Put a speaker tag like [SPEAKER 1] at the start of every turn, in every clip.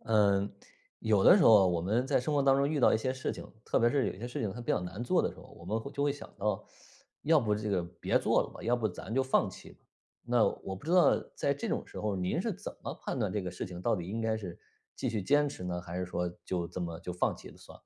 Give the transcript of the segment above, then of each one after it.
[SPEAKER 1] 呃，有的时候我们在生活当中遇到一些事情，特别是有些事情它比较难做的时候，我们会就会想到，要不这个别做了吧，要不咱就放弃吧。那我不知道在这种时候您是怎么判断这个事情到底应该是继续坚持呢，还是说就这么就放弃了算了。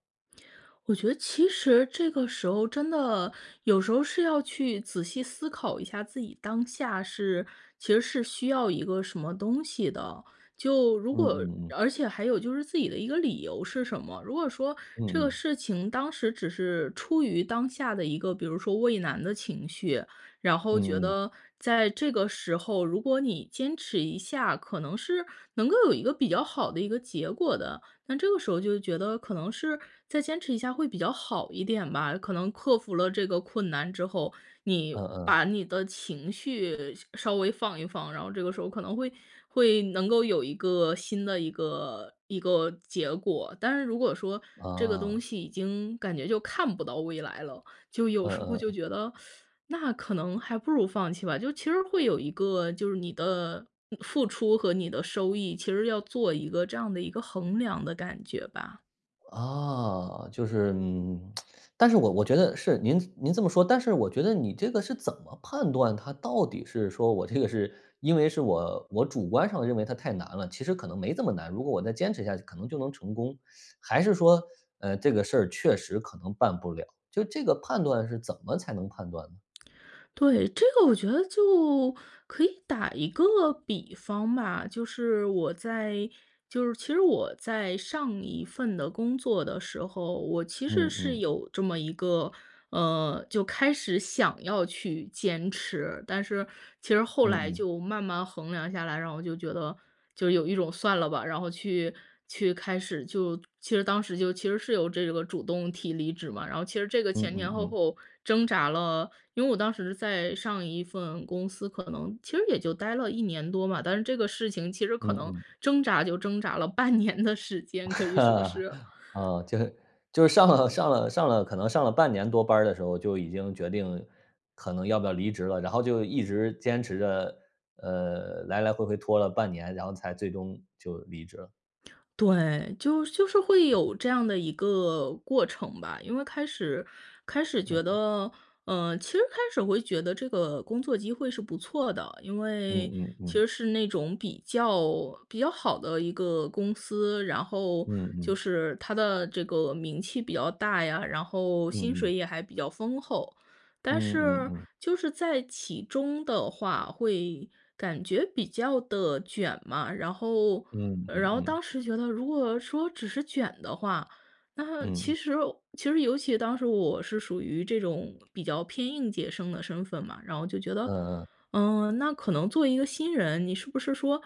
[SPEAKER 2] 我觉得其实这个时候真的有时候是要去仔细思考一下自己当下是其实是需要一个什么东西的。就如
[SPEAKER 1] 嗯
[SPEAKER 2] 果
[SPEAKER 1] 嗯嗯。
[SPEAKER 2] 而且还有就是自己的一个理由是什么，如果说这
[SPEAKER 1] 嗯
[SPEAKER 2] 个
[SPEAKER 1] 嗯。
[SPEAKER 2] 事情当时只是出于当下的一个，比如说畏难的情绪，然后觉
[SPEAKER 1] 嗯嗯。
[SPEAKER 2] 得在这个时候，如果你坚持一下，可能是，能够有一个比较好的一个结果的，但这个时候就觉得可能是再坚持一下会比较好一点吧，可能克服了这个困难之后，你
[SPEAKER 1] 嗯嗯。
[SPEAKER 2] 把你的情绪稍微放一放，然后这个时候可能会会能够有一个新的一个一个结果，但是如果说这个东
[SPEAKER 1] 啊。
[SPEAKER 2] 西已经感觉就看不到未来了，就有时候
[SPEAKER 1] 嗯
[SPEAKER 2] 就
[SPEAKER 1] 嗯。
[SPEAKER 2] 觉得，那可能还不如放弃吧，就其实会有一个就是你的付出和你的收益，其实要做一个这样的一个衡量的感觉吧。
[SPEAKER 1] 啊，就是，嗯，但是我我觉得是，您您这么说，但是我觉得你这个是怎么判断它到底是说我这个是因为是我我主观上认为它太难了，其实可能没这么难，如果我再坚持下去可能就能成功，还是说，呃，这个事儿确实可能办不了，就这个判断是怎么才能判断呢？
[SPEAKER 2] 对，这个我觉得就可以打一个比方吧。就是我在就是其实我在上1份的工作的时候，我其实
[SPEAKER 1] 嗯
[SPEAKER 2] 是
[SPEAKER 1] 嗯。
[SPEAKER 2] 有这么一个，呃就开始想要去坚持，但是其实后
[SPEAKER 1] 嗯
[SPEAKER 2] 来
[SPEAKER 1] 嗯。
[SPEAKER 2] 就慢慢衡量下来，然后我就觉得，就有一种算了吧，然后去去开始，就其实当时就其实是有这个主动提离职嘛。然后其实这个
[SPEAKER 1] 嗯
[SPEAKER 2] 前
[SPEAKER 1] 嗯
[SPEAKER 2] 前后
[SPEAKER 1] 嗯。
[SPEAKER 2] 后挣扎了因为我当时在上1份公司可能其实也就待了1年多嘛，但是这个事情其实可
[SPEAKER 1] 嗯
[SPEAKER 2] 能
[SPEAKER 1] 嗯。
[SPEAKER 2] 挣扎就挣扎了半年的时间，可以说 是。
[SPEAKER 1] 哦，就是就是上了上了上了可能上了半年多班儿的时候，就已经决定可能要不要离职了，然后就一直坚持着，呃，来来回回拖了半年，然后才最终就离职了。
[SPEAKER 2] 对，就就是会有这样的一个过程吧。因为开始开始觉
[SPEAKER 1] 嗯。
[SPEAKER 2] 得，呃，其实开始会觉得这个工作机会是不错的，因为
[SPEAKER 1] 嗯嗯
[SPEAKER 2] 其实
[SPEAKER 1] 嗯。
[SPEAKER 2] 是那种比较比较好的一个公司。然后，
[SPEAKER 1] 嗯
[SPEAKER 2] 就
[SPEAKER 1] 嗯。
[SPEAKER 2] 是它的这个名气比较大呀，然后，薪
[SPEAKER 1] 嗯嗯。
[SPEAKER 2] 水也还比较丰厚。但
[SPEAKER 1] 嗯嗯
[SPEAKER 2] 是
[SPEAKER 1] 嗯。
[SPEAKER 2] 就是在其中的话会感觉比较地卷嘛，然后
[SPEAKER 1] 嗯嗯
[SPEAKER 2] 然后
[SPEAKER 1] 嗯。
[SPEAKER 2] 当时觉得如果说只是卷的话，那
[SPEAKER 1] 嗯。
[SPEAKER 2] 其实其实尤其当时我是属于这种比较偏应届生的身份嘛，然后就觉得，
[SPEAKER 1] 嗯嗯。
[SPEAKER 2] 嗯，那可能做一个新人，你是不是说，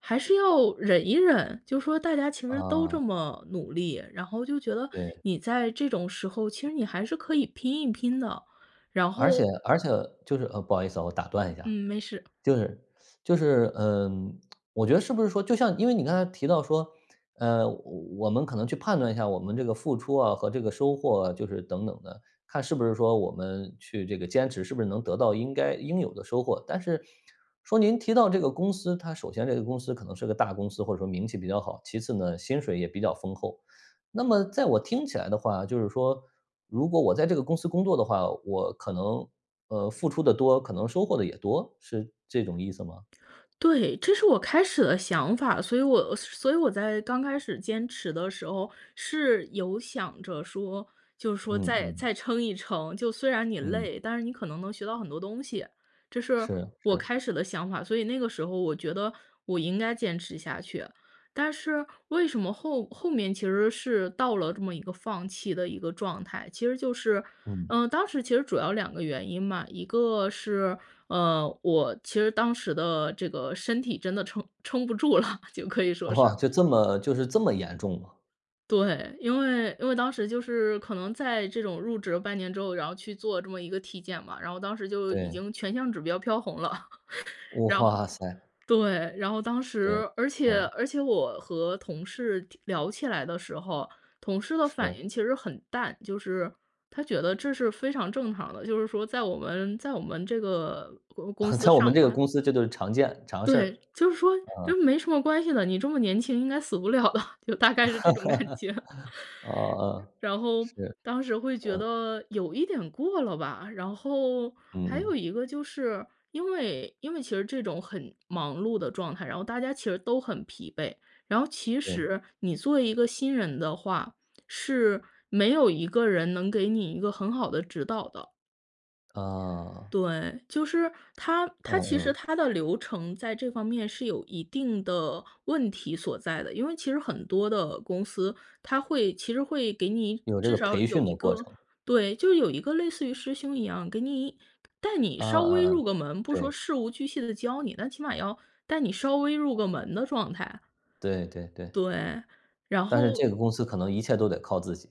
[SPEAKER 2] 还是要忍一忍？就说大家其实都
[SPEAKER 1] 啊。
[SPEAKER 2] 这么努力，然后就觉得
[SPEAKER 1] 对。
[SPEAKER 2] 你在这种时候，其实你还是可以拼一拼的。然
[SPEAKER 1] 而且
[SPEAKER 2] 后
[SPEAKER 1] 而且就是，呃，不好意思啊，我打断一下。
[SPEAKER 2] 嗯，没事。
[SPEAKER 1] 就是 就是，呃，我觉得是不是说，就像因为你刚才提到说，呃，我我们可能去判断一下，我们这个付出啊和这个收获啊，就是等等的，看是不是说，我们去这个坚持是不是能得到应该应有的收获。但是，说您提到这个公司，它首先这个公司可能是个大公司，或者说名气比较好，其次呢，薪水也比较丰厚。那么在我听起来的话，就是说，如果我在这个公司工作的话，我可能，呃，付出的多，可能收获的也多？是这种意思吗？
[SPEAKER 2] 对，这是我开始的想法。所以我所以我在刚开始坚持的时候，是有想着说，就是说
[SPEAKER 1] 嗯
[SPEAKER 2] 再
[SPEAKER 1] 嗯。
[SPEAKER 2] 再撑一撑，就虽然你
[SPEAKER 1] 嗯。
[SPEAKER 2] 累，但是你可能能学到很多东西，这是
[SPEAKER 1] 是
[SPEAKER 2] 我
[SPEAKER 1] 是。
[SPEAKER 2] 开始的想法。所以那个时候我觉得我应该坚持下去。但是，为什么后后面其实是到了这么一个放弃的一个状态，其实就是
[SPEAKER 1] 嗯。
[SPEAKER 2] 呃，当时其实主要两个原因嘛，一个是，呃，我其实当时的这个身体真的撑撑不住了，就可以说
[SPEAKER 1] 哇，
[SPEAKER 2] 是。
[SPEAKER 1] 就这么就是这么严重吗？
[SPEAKER 2] 对，因为因为当时就是可能在这种入职半年之后，然后去做这么一个体检吧，然后，当时就已
[SPEAKER 1] 对。
[SPEAKER 2] 经全项指标飘红了，然后
[SPEAKER 1] 哇塞。
[SPEAKER 2] 对，然后，当
[SPEAKER 1] 对，
[SPEAKER 2] 时而且
[SPEAKER 1] 嗯。
[SPEAKER 2] 而且我和同事聊起来的时候，同事的反
[SPEAKER 1] 是。
[SPEAKER 2] 应其实很淡，就是他觉得这是非常正常的，就是说，在我们在我们这个公公 司
[SPEAKER 1] 在我们
[SPEAKER 2] 上
[SPEAKER 1] 这个
[SPEAKER 2] 班
[SPEAKER 1] 公司这就是常见常事儿，
[SPEAKER 2] 对，就是说
[SPEAKER 1] 嗯。
[SPEAKER 2] 就没什么关系的，你这么年轻应该死不了的，就大概是这种感觉。
[SPEAKER 1] 哦，
[SPEAKER 2] 然后，
[SPEAKER 1] 是，
[SPEAKER 2] 当时，会觉
[SPEAKER 1] 嗯。
[SPEAKER 2] 得有一点过了吧，然后，
[SPEAKER 1] 嗯
[SPEAKER 2] 还有
[SPEAKER 1] 嗯。
[SPEAKER 2] 一个就是，因为因为其实这种很忙碌的状态，然后大家其实都很疲惫，然后，其
[SPEAKER 1] 对。
[SPEAKER 2] 实，你作为一个新人的话，是没有一个人，能给你一个很好的指导的。
[SPEAKER 1] 嗯。
[SPEAKER 2] 对，就是，它
[SPEAKER 1] 嗯
[SPEAKER 2] 它其实
[SPEAKER 1] 嗯。
[SPEAKER 2] 它的流程，在这方面，是有一定的问题所在的，因为其实很多的公司，它会其实会给你
[SPEAKER 1] 有这
[SPEAKER 2] 至
[SPEAKER 1] 个
[SPEAKER 2] 少
[SPEAKER 1] 培
[SPEAKER 2] 有
[SPEAKER 1] 训的
[SPEAKER 2] 一
[SPEAKER 1] 过
[SPEAKER 2] 个
[SPEAKER 1] 程。
[SPEAKER 2] 对，就是，有一个类似于师兄一样，给你带你
[SPEAKER 1] 嗯
[SPEAKER 2] 稍微
[SPEAKER 1] 嗯嗯，
[SPEAKER 2] 入个门，不说
[SPEAKER 1] 对。
[SPEAKER 2] 事无巨细地教你，那起码要带你稍微入个门的状态。
[SPEAKER 1] 对对对。
[SPEAKER 2] 对，然
[SPEAKER 1] 但是
[SPEAKER 2] 后。
[SPEAKER 1] 这个公司可能一切都得靠自己。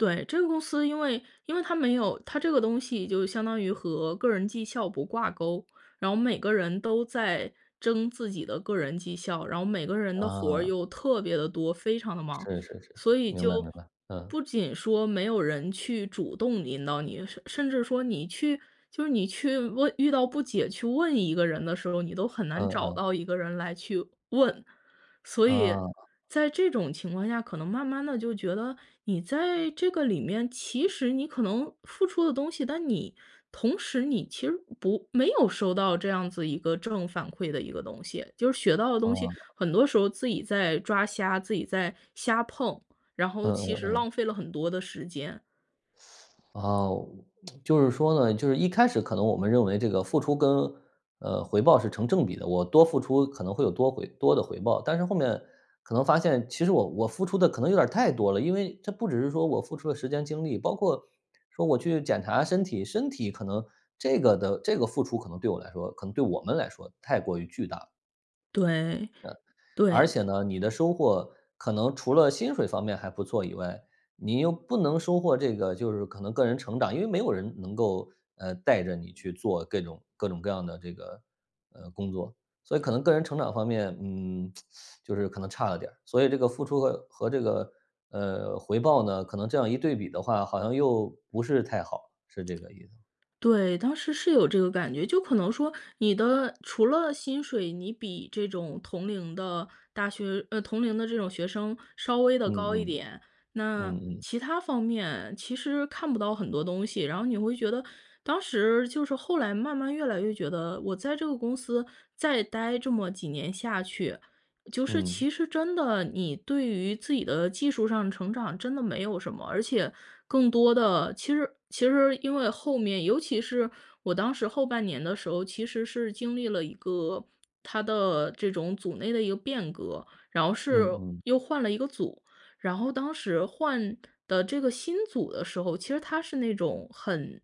[SPEAKER 2] 对，这个公司因为因为它没有它这个东西就相当于和个人绩效不挂钩，然后每个人都在争自己的个人绩效，然后每个人的活儿
[SPEAKER 1] 嗯。
[SPEAKER 2] 又特别地多，非常地忙，
[SPEAKER 1] 是是是，
[SPEAKER 2] 所以
[SPEAKER 1] 明白
[SPEAKER 2] 就
[SPEAKER 1] 明白，嗯。
[SPEAKER 2] 不仅说没有人去主动引导你，甚甚至说你去，就是你去问遇到不解去问一个人的时候，你都很难
[SPEAKER 1] 嗯
[SPEAKER 2] 找
[SPEAKER 1] 嗯。
[SPEAKER 2] 到一个人来去问。所以
[SPEAKER 1] 嗯。
[SPEAKER 2] 在这种情况下，可能慢慢地就觉得你在这个里面，其实你可能付出的东西，但你同时你其实不没有收到这样子一个正反馈的一个东西，就是学到的东西，
[SPEAKER 1] 哦。
[SPEAKER 2] 很多时候自己在抓瞎，自己在瞎碰，然
[SPEAKER 1] 嗯
[SPEAKER 2] 后其
[SPEAKER 1] 嗯
[SPEAKER 2] 实
[SPEAKER 1] 嗯。
[SPEAKER 2] 浪费了很多的时间。
[SPEAKER 1] 啊，就是说呢，就是一开始可能我们认为这个付出跟，呃，回报是成正比的，我多付出可能会有多回多的回报，但是后面可能发现，其实我我付出的可能有点儿太多了，因为这不只是说我付出了时间精力，包括说我去检查身体，身体可能这个的这个付出可能对我来说，可能对我们来说太过于巨大了。
[SPEAKER 2] 对，
[SPEAKER 1] 呃。而
[SPEAKER 2] 对。
[SPEAKER 1] 且呢，你的收获可能除了薪水方面还不错以外，你又不能收获这个就是可能个人成长，因为没有人能够，呃，带着你去做各种各种各样的这个，呃，工作，所以可能个人成长方面，嗯，就是可能差了点儿，所以这个付出和和这个，呃，回报呢，可能这样一对比的话，好像又不是太好，是这个意思。
[SPEAKER 2] 对，当时是有这个感觉。就可能说你的除了薪水，你比这种同龄的大学呃，同龄的这种学生稍微地
[SPEAKER 1] 嗯
[SPEAKER 2] 高一
[SPEAKER 1] 嗯，
[SPEAKER 2] 点，那
[SPEAKER 1] 嗯嗯。
[SPEAKER 2] 其它方面其实看不到很多东西，然后你会觉得当时就是后来慢慢越来越觉得我在这个公司再待这么几年下去，就是
[SPEAKER 1] 嗯。
[SPEAKER 2] 其实真的，你对于自己的技术上成长真的没有什么。而且更多的其实其实因为后面尤其是我当时后半年的时候，其实是经历了一个它的这种组内的一个变革，然后是
[SPEAKER 1] 嗯嗯。
[SPEAKER 2] 又换了一个组，然后当时换的这个新组的时候，其实它是那种很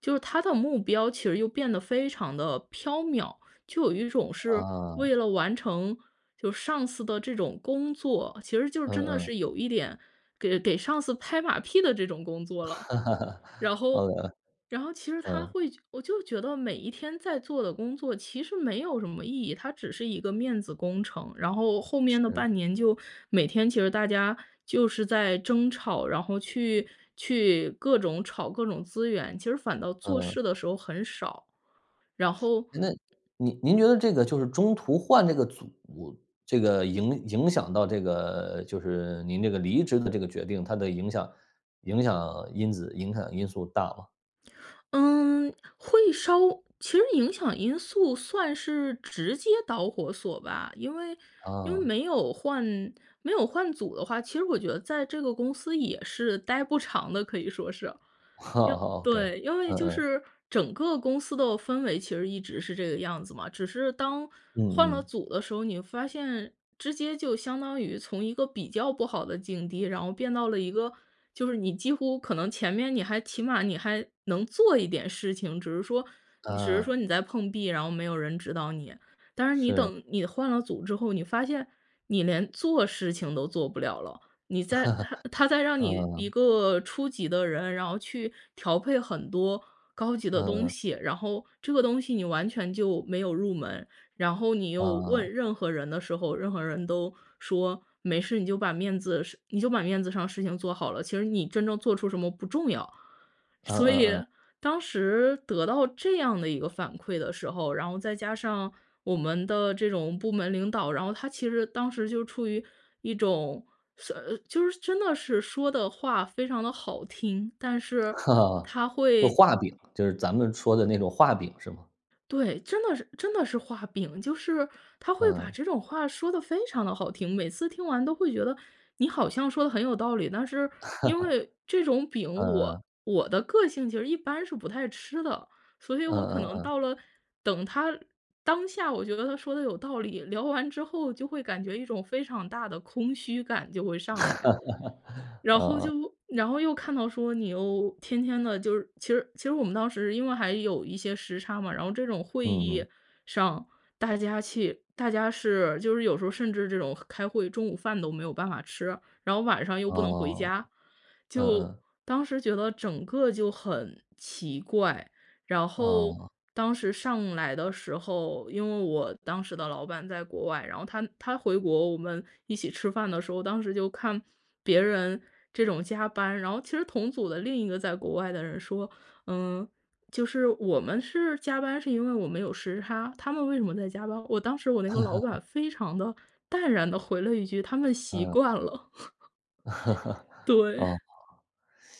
[SPEAKER 2] 就是它的目标其实又变得非常地飘渺，就有一种是为
[SPEAKER 1] 啊。
[SPEAKER 2] 了完成就上司的这种工作，其实就
[SPEAKER 1] 嗯
[SPEAKER 2] 真的
[SPEAKER 1] 嗯。
[SPEAKER 2] 是有一点给给上司拍马屁的这种工作了。然 后
[SPEAKER 1] 嗯嗯，
[SPEAKER 2] 然后其实它
[SPEAKER 1] 嗯。
[SPEAKER 2] 会我就觉得每一天在做的工作其实没有什么意义，它只是一个面子工程，然后后面的
[SPEAKER 1] 是。
[SPEAKER 2] 半年就每天其实大家就是在争吵，然后去去各种吵各种资源，其实反倒做
[SPEAKER 1] 嗯。
[SPEAKER 2] 事的时候很少，然后
[SPEAKER 1] 诶，那，您您觉得这个就是中途换这个组，这个影影响到这个就是您这个离职的这个决定，它的影响影响因子影响因素大吗？
[SPEAKER 2] 嗯，会稍其实影响因素算是直接导火索吧。因为因为
[SPEAKER 1] 哦。
[SPEAKER 2] 没有换没有换组的话，其实我觉得在这个公司也是待不长的，可以说是。因为
[SPEAKER 1] 哦，OK，
[SPEAKER 2] 对，因为
[SPEAKER 1] 嗯
[SPEAKER 2] 就
[SPEAKER 1] 嗯。
[SPEAKER 2] 是整个公司的氛围其实一直是这个样子嘛，只是当换
[SPEAKER 1] 嗯
[SPEAKER 2] 了
[SPEAKER 1] 嗯。
[SPEAKER 2] 组的时候，你会发现直接就相当于从一个比较不好的境地，然后变到了一个，就是你几乎可能前面你还起码你还能做一点事情，只是说你只是
[SPEAKER 1] 嗯。
[SPEAKER 2] 说你在碰壁，然后没有人指导你。但是你
[SPEAKER 1] 是。
[SPEAKER 2] 等你换了组之后，你发现你连做事情都做不了了，你 在他他在让你一
[SPEAKER 1] 嗯。
[SPEAKER 2] 个初级的人，然后去调配很多高级的
[SPEAKER 1] 嗯
[SPEAKER 2] 东
[SPEAKER 1] 嗯。
[SPEAKER 2] 西，然后这个东西你完全就没有入门，然后你
[SPEAKER 1] 嗯
[SPEAKER 2] 又
[SPEAKER 1] 嗯。
[SPEAKER 2] 问任何人的时候，任何人都说没事你就把面子是你就把面子上的事情做好了，其实你真正做出什么不重要。
[SPEAKER 1] 嗯
[SPEAKER 2] 所以
[SPEAKER 1] 嗯嗯。
[SPEAKER 2] 当时得到这样的一个反馈的时候，然后再加上我们的这种部门领导，然后他其实当时就处于一种，算呃，就是真的是说得话非常地好听，但是他
[SPEAKER 1] 就
[SPEAKER 2] 会
[SPEAKER 1] 画饼，就是咱们说的那种画饼是吗？
[SPEAKER 2] 对，真的是真的是画饼。就是他会把
[SPEAKER 1] 嗯。
[SPEAKER 2] 这种话说得非常地好听，每次听完都会觉得，你好像说得很有道理，但是因为这种 饼
[SPEAKER 1] 嗯嗯。
[SPEAKER 2] 我我的个性其实一般是不太吃的。所以
[SPEAKER 1] 嗯
[SPEAKER 2] 我可
[SPEAKER 1] 嗯
[SPEAKER 2] 能
[SPEAKER 1] 嗯。
[SPEAKER 2] 到了，等他当下我觉得他说得有道理，聊完之后就会感觉一种非常大的空虚感就会上来。然后
[SPEAKER 1] 嗯嗯。
[SPEAKER 2] 就然后又看到说你又天天的就是，其实其实我们当时因为还有一些时差嘛，然后这种会
[SPEAKER 1] 嗯
[SPEAKER 2] 议
[SPEAKER 1] 嗯。
[SPEAKER 2] 上，大家去大家是就是有时候甚至这种开会，中午饭都没有办法吃，然后晚上又不能回
[SPEAKER 1] 哦，
[SPEAKER 2] 家。
[SPEAKER 1] 嗯
[SPEAKER 2] 就
[SPEAKER 1] 嗯。
[SPEAKER 2] 当时觉得整个就很奇怪，然后
[SPEAKER 1] 哦。
[SPEAKER 2] 当时上来的时候，因为我当时的老板在国外，然后他他回国，我们一起吃饭的时候，当时就看别人这种加班，然后其实同组的另一个在国外的人说：”嗯，就是我们是加班是因为我们有时差，他们为什么在加班？“，我当时我那个老板 非常地淡然地回了一句：”他们习
[SPEAKER 1] 嗯。
[SPEAKER 2] 惯了“，对。
[SPEAKER 1] 哦，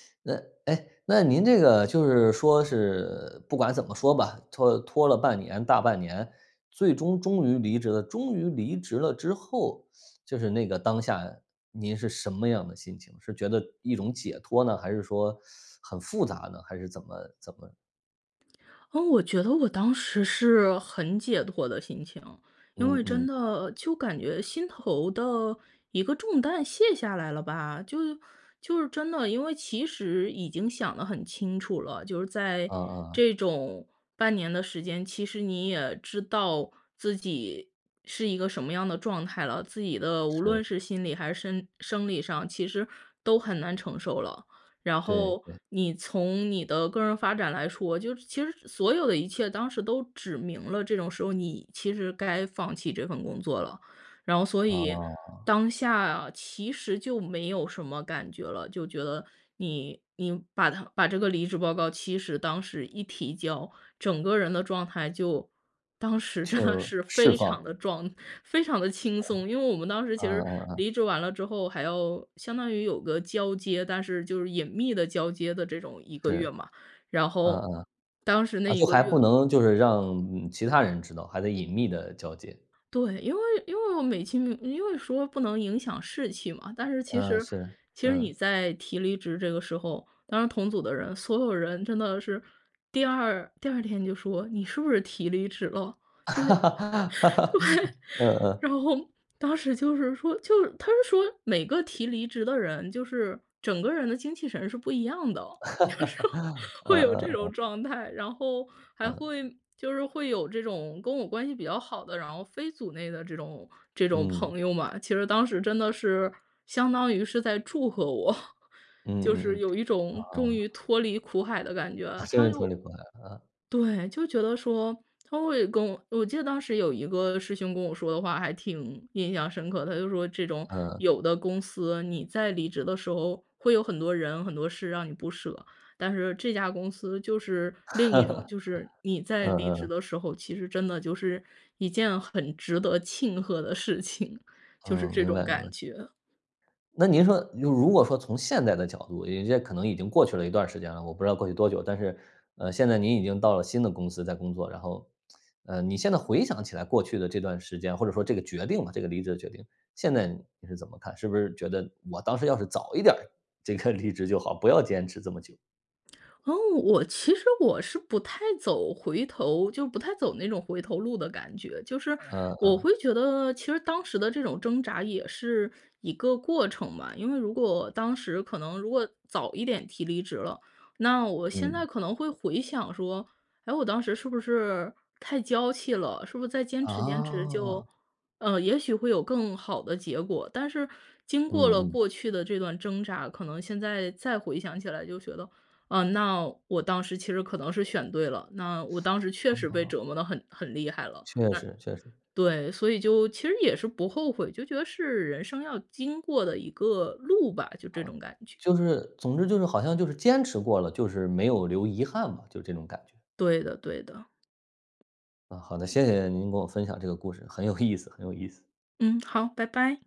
[SPEAKER 1] 那哎，那您这个就是说是不管怎么说吧，拖拖了半年大半年，最终终于离职了，终于离职了之后，就是那个当下，您是什么样的心情？是觉得一种解脱呢？还是说 很复杂呢？还是怎么怎么？
[SPEAKER 2] 嗯，我觉得我当时是很解脱的心情，因
[SPEAKER 1] 嗯
[SPEAKER 2] 为真
[SPEAKER 1] 嗯。
[SPEAKER 2] 的就感觉心头的一个重担卸下来了吧。就就是真的，因为其实已经想得很清楚了，就是在
[SPEAKER 1] 嗯嗯嗯。
[SPEAKER 2] 这种半年的时间，其实你也知道自己是一个什么样的状态了，自己的无
[SPEAKER 1] 是。
[SPEAKER 2] 论是心理还是身生理上，其实都很难承受了。然
[SPEAKER 1] 对，
[SPEAKER 2] 后
[SPEAKER 1] 对。
[SPEAKER 2] 你从你的个人发展来说，就是其实所有的一切当时都指明了这种时候你其实该放弃这份工作了。然后所以
[SPEAKER 1] 啊。
[SPEAKER 2] 当下其实就没有什么感觉了，就觉得你你把它把这个离职报告其实当时一提交，整个人的状态就当时真的
[SPEAKER 1] 就，
[SPEAKER 2] 是
[SPEAKER 1] 释
[SPEAKER 2] 非常
[SPEAKER 1] 放。
[SPEAKER 2] 地装，非常地轻
[SPEAKER 1] 嗯
[SPEAKER 2] 松。因为我们当时其实
[SPEAKER 1] 嗯嗯。
[SPEAKER 2] 离职完了之后还要相当于有个交接，但是就是隐秘地交接的这种1个月
[SPEAKER 1] 是，
[SPEAKER 2] 嘛。然
[SPEAKER 1] 嗯
[SPEAKER 2] 后
[SPEAKER 1] 嗯。
[SPEAKER 2] 当时
[SPEAKER 1] 啊
[SPEAKER 2] 那1
[SPEAKER 1] 就
[SPEAKER 2] 个
[SPEAKER 1] 还不
[SPEAKER 2] 月
[SPEAKER 1] 能就是让其他人知道，还得隐秘地交接。
[SPEAKER 2] 对，因为因为我美其名因为说不能影响士气嘛，但是其
[SPEAKER 1] 嗯，
[SPEAKER 2] 实
[SPEAKER 1] 是。
[SPEAKER 2] 其实你
[SPEAKER 1] 嗯。
[SPEAKER 2] 在提离职这个时候，当然同组的人，所有人真的是第2第2天就说，你是不是提离职了？就是 对，
[SPEAKER 1] 嗯嗯。
[SPEAKER 2] 然后，当时就是说就是，它是说每个提离职的人，就是整个人的精气神是不一样的，就是 会
[SPEAKER 1] 嗯
[SPEAKER 2] 有这
[SPEAKER 1] 嗯
[SPEAKER 2] 种
[SPEAKER 1] 嗯。
[SPEAKER 2] 状态。然后还
[SPEAKER 1] 嗯。
[SPEAKER 2] 会就是会有这种跟我关系比较好的，然后非组内的这种这种
[SPEAKER 1] 嗯。
[SPEAKER 2] 朋友嘛，其实当时真的是相当于是在祝贺我。就
[SPEAKER 1] 嗯嗯
[SPEAKER 2] 是
[SPEAKER 1] 嗯，
[SPEAKER 2] 有一种终
[SPEAKER 1] 啊。
[SPEAKER 2] 于脱离苦海的感
[SPEAKER 1] 啊，
[SPEAKER 2] 觉。
[SPEAKER 1] 真
[SPEAKER 2] 他
[SPEAKER 1] 是脱离
[SPEAKER 2] 就
[SPEAKER 1] 苦海了啊。
[SPEAKER 2] 对，就觉得说他会跟我我记得当时有一个师兄跟我说的话还挺印象深刻的，他就说这种
[SPEAKER 1] 嗯。
[SPEAKER 2] 有的公司，你在离职的时候会有很多人很多事让你不舍，但是这家公司就是另一种。就是 你在
[SPEAKER 1] 嗯
[SPEAKER 2] 离职
[SPEAKER 1] 嗯。
[SPEAKER 2] 的时候，其实真的就是一件很值得庆贺的事情，就是
[SPEAKER 1] 嗯，
[SPEAKER 2] 这
[SPEAKER 1] 明
[SPEAKER 2] 种
[SPEAKER 1] 白明白。
[SPEAKER 2] 感觉。
[SPEAKER 1] 那您说如如果说从现在的角度，有一些可能已经过去了一段儿时间了，我不知道过去多久，但是，呃，现在您已经到了新的公司在工作，然后 呃，你现在回想起来过去的这段时间，或者说这个决定吧，这个离职的决定，现在你是怎么看？是不是觉得我当时要是早一点儿这个离职就好，不要坚持这么久。
[SPEAKER 2] 哦，我其实我是不太走回头就不太走那种回头路的感觉。就是
[SPEAKER 1] 嗯
[SPEAKER 2] 我
[SPEAKER 1] 嗯。
[SPEAKER 2] 会觉得其实当时的这种挣扎也是一个过程吧。因为如果当时可能如果早一点提离职了，那我现在
[SPEAKER 1] 嗯。
[SPEAKER 2] 可能会回想说，诶，我当时是不是太娇气了，是不是再坚持坚持就
[SPEAKER 1] 哦。
[SPEAKER 2] 呃，也许会有更好的结果。但是经过
[SPEAKER 1] 嗯
[SPEAKER 2] 了
[SPEAKER 1] 嗯。
[SPEAKER 2] 过去的这段挣扎，可能现在再回想起来就觉得，呃，那我当时其实可能是选对了，那我当时确
[SPEAKER 1] 哦
[SPEAKER 2] 实被
[SPEAKER 1] 哦。
[SPEAKER 2] 折磨得很很厉害了。
[SPEAKER 1] 确
[SPEAKER 2] 那
[SPEAKER 1] 实确实。
[SPEAKER 2] 对，所以就其实也是不后悔。就觉得是人生要经过的一个路吧，就这
[SPEAKER 1] 嗯。
[SPEAKER 2] 种感觉。
[SPEAKER 1] 就是，总之就是好像就是坚持过了，就是没有留遗憾吧，就这种感觉。
[SPEAKER 2] 对的对的。
[SPEAKER 1] 啊，好的。谢谢您给我分享这个故事，很有意思很有意思。
[SPEAKER 2] 嗯，好，拜拜。